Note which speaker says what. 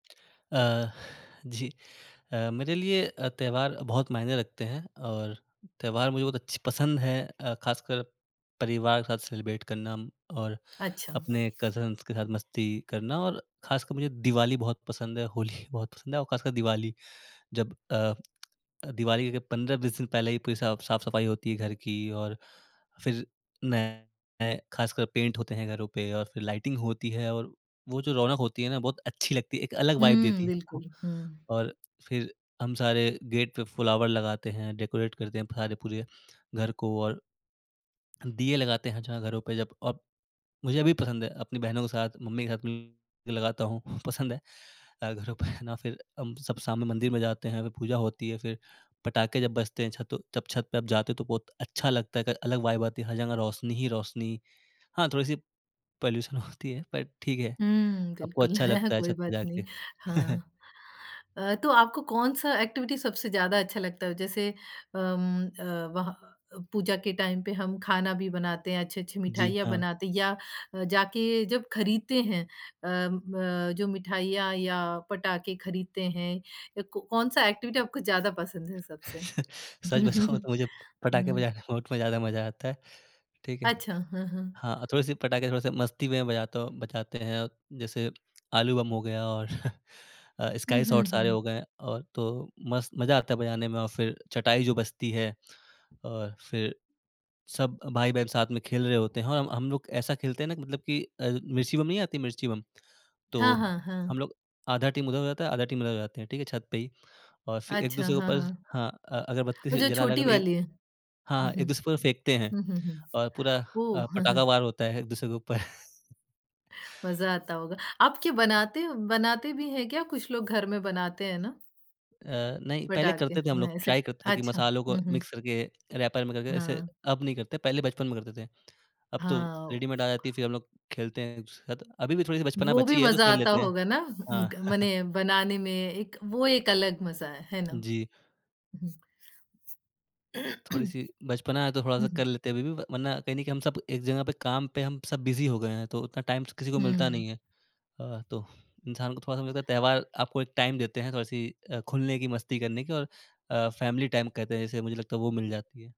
Speaker 1: अ, जी, अ, मेरे लिए अ, त्योहार बहुत मायने रखते हैं और त्योहार मुझे बहुत अच्छ पसंद है। अ, खासकर परिवार के साथ सेलिब्रेट करना और
Speaker 2: अच्छा।
Speaker 1: अपने कज़न्स के साथ मस्ती करना और खासकर मुझे दिवाली बहुत पसंद है, होली भी बहुत पसंद है और खासकर दिवाली। जब अ अ, दिवाली के 15-20 दिन पहले ही पूरी साफ साफ-सफाई होती है घर की और फिर नए खासकर पेंट होते हैं घरों पे और फिर लाइटिंग होती है और वो जो रौनक होती है ना बहुत अच्छी लगती है, एक अलग वाइब देती
Speaker 2: हुँ,
Speaker 1: है आपको।
Speaker 2: बिल्कुल, हुँ।
Speaker 1: और फिर हम सारे गेट पे फ्लावर लगाते हैं, डेकोरेट करते हैं सारे पूरे घर को और दीये लगाते हैं, जहाँ घरों पे जब अब मुझे भी पसंद है अपनी बहनों के साथ, मम्मी के साथ मिलकर लगाता हूँ, पसंद है अ, घरों पे ना फिर हम सब शाम में मंदिर में जाते हैं, फिर पूजा होती है, फिर पटाखे जब बजते हैं, छतो तब छत पे आप जाते हो तो बहुत अच्छा लगता है, एक अलग वाइब आती है, हर जगह रोशनी ही रोशनी। हाँ, थोड़ी-सी पॉल्यूशन होती है पर ठीक है,
Speaker 2: हुँ,
Speaker 1: आपको
Speaker 2: बिल्कुल,
Speaker 1: अच्छा लगता है
Speaker 2: कोई
Speaker 1: छत पे
Speaker 2: बात नहीं,
Speaker 1: जाके।
Speaker 2: हाँ। अ, तो आपको कौन-सा एक्टिविटी सबसे ज़्यादा अच्छा लगता है? जैसे, अम, अ, वहा अ, पूजा के टाइम पे हम खाना भी बनाते हैं, अच्छी-अच्छी
Speaker 1: जी,
Speaker 2: मिठाइयाँ
Speaker 1: हाँ।
Speaker 2: बनाते या अ, जाके जब खरीदते हैं, अम, ब जो मिठाइयाँ या पटाखे खरीदते हैं या क कौन-सा एक्टिविटी आपको ज़्यादा पसंद है सबसे?
Speaker 1: सच बताऊँ तो मुझे पटाखे
Speaker 2: हुँ।
Speaker 1: बजाने में बहुत ज़्यादा मजा आता है, ठीक है।
Speaker 2: अच्छा।
Speaker 1: हाँ, थोड़ी-सी पटाखे थोड़े-से मस्ती में बजाता हूँ बजाते हैं, जैसे आलू बम हो गया और अ,
Speaker 2: हुँ,
Speaker 1: स्काई
Speaker 2: हुँ,
Speaker 1: शॉट सारे हो
Speaker 2: हुँ।
Speaker 1: गए और तो मस्त मजा आता है बजाने में और फिर चटाई जो बजती है और फिर सब भाई-बहन साथ में खेल रहे होते हैं और हम हम लोग ऐसा खेलते हैं ना कि मतलब कि अ, मिर्ची बम नहीं आती, मिर्ची बम, तो
Speaker 2: हाँ, हाँ,
Speaker 1: हम
Speaker 2: हाँ।
Speaker 1: लोग आधा टीम उधर हो जाता है, आधा टीम इधर हो जाते हैं। ठीक है, छत पे ही और फिर
Speaker 2: अच्छा,
Speaker 1: एक-दूसरे के
Speaker 2: हाँ,
Speaker 1: ऊपर
Speaker 2: हाँ।
Speaker 1: हाँ, अ अगरबत्ती
Speaker 2: वो
Speaker 1: से
Speaker 2: जो
Speaker 1: जला जला
Speaker 2: छोटी
Speaker 1: कर फेंक
Speaker 2: वाली है।
Speaker 1: हाँ,
Speaker 2: हुँ,
Speaker 1: हाँ,
Speaker 2: हुँ,
Speaker 1: एक-दूसरे पर फेंकते हैं
Speaker 2: हुँ, हुँ, हुँ।
Speaker 1: और पूरा अ,
Speaker 2: ओह!
Speaker 1: पटाखा वार होता है एक-दूसरे के ऊपर।
Speaker 2: मज़ा आता होगा, आप क्या बनाते हो, बनाते भी हैं क्या कुछ लोग घर में बनाते हैं ना?
Speaker 1: अ, नहीं, पहले
Speaker 2: पटाखे,
Speaker 1: करते थे हम लोग,
Speaker 2: न ऐसे
Speaker 1: ट्राइ
Speaker 2: क
Speaker 1: करते थे कि
Speaker 2: अच्छा,
Speaker 1: मसालों को
Speaker 2: हुँ, हुँ।
Speaker 1: मिक्स करके रैपर में करके ऐसे
Speaker 2: हाँ।
Speaker 1: अब नहीं करते, पहले बचपन में करते थे। अब तो
Speaker 2: हाँ।
Speaker 1: रेडीमेड आ जाती है फिर हम लोग खेलते हैं एक-दूसरे के साथ। अभी भी थोड़ी-सी बचपना
Speaker 2: वो भी
Speaker 1: बची है तो
Speaker 2: मज़ा
Speaker 1: खेल
Speaker 2: आता
Speaker 1: लेते हैं।
Speaker 2: होगा ना,
Speaker 1: हाँ।
Speaker 2: उनग मने बनाने में एक वो एक अलग मज़ा है, है ना?
Speaker 1: जी।
Speaker 2: हुँ,
Speaker 1: थोड़ी-सी बचपना है, तो थोड़ा-सा कर
Speaker 2: हुँ।
Speaker 1: लेते हैं अभी भी व वरना कहीं न कहीं हम सब एक जगह पे काम पे हम सब बिज़ी हो गए हैं तो उतना टाइम स तो किसी को मिलता
Speaker 2: हुँ।
Speaker 1: नहीं है। अ, तो इंसान को थोड़ा-सा मुझे लगता है त्योहार आपको एक टाइम देते हैं थोड़ी-सी अ, खुलने की, मस्ती करने की और अ, फैमिली टाइम कहते हैं जिसे मुझे लगता है वो मिल जाती है।